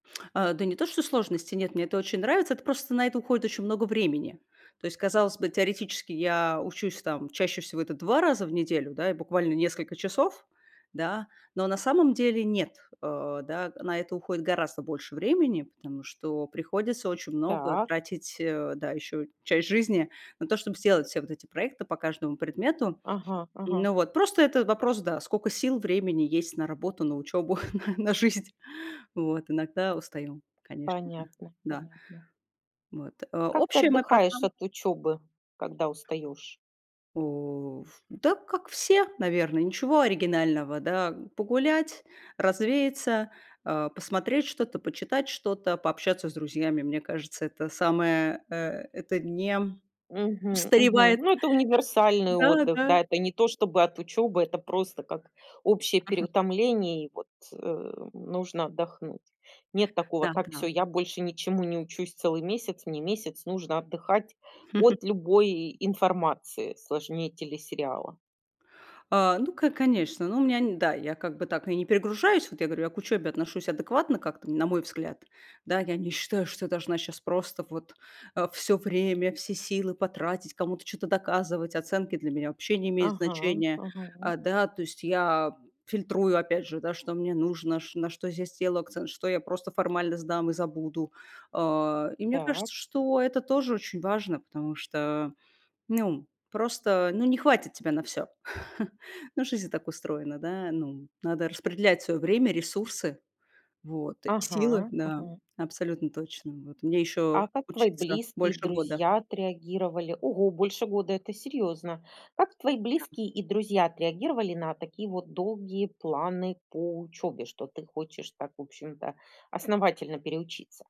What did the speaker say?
Э, да не то чтобы сложности, нет, мне это очень нравится. Это просто на это уходит очень много времени. То есть, казалось бы, теоретически я учусь там чаще всего это 2 раза в неделю, да, и буквально несколько часов, да. Но на самом деле нет, э, да. На это уходит гораздо больше времени, потому что приходится очень много Так. тратить, э, да, ещё часть жизни на то, чтоб сделать все вот эти проекты по каждому предмету. Ага ага. Ну, вот просто это вопрос, да, скока сил, времени есть на работу, на учёбу, на на жизнь. Вот иногда устаю, конечно же. Понятно Да. понятно. Вот, э, Как ты общая моя отдыхаешь программа от учёбы, когда устаёшь? У в да, как все, наверное, ничего оригинального, да. Погулять, развеяться, а, посмотреть что-то, почитать что-то, пообщаться с друзьями. Мне кажется, это самое, э, это не, м, Мгм, мгм. устаревает Ну, это универсальный Да отдых, да. да. Это не то чтобы от учебы, это просто как общее Мгм. переутомление, и вот, э, нужно отдохнуть. Нет такого: Да "Так, всё, да. я больше ничему не учусь целый месяц, мне месяц нужно отдыхать от любой информации сложнее телесериала". А, ну, ко конечно. Ну, у меня, н да, я как бы так, ну, и не перегружаюсь. Вот я говорю, я к учёбе отношусь адекватно как-то, на мой взгляд. Да, я не считаю, что я должна щас просто вот, э, всё время, все силы потратить, кому-то чё-то доказывать, оценки для меня вообще не имеют Ага значения. ага. Э, да, то есть я фильтрую опять же, да, что мне нужно, чт на что я сделаю акцент, что я просто формально сдам и забуду. Э, и мне Так. кажется, что это тоже очень важно, потому что, ну, просто, ну, не хватит тебя на всё. Ну, жизнь так устроена, да. Ну, надо распределять своё время, ресурсы вот, и силы, Ага да, ага. абсолютно точно. Вот мне ещё А как твои учиться близкие и больше года. друзья отреагировали? Ого, больше года- это серьёзно. Как твои Да. близкие и друзья отреагировали на такие вот долгие планы по учёбе, что ты хочешь так, в общем-то, основательно переучиться?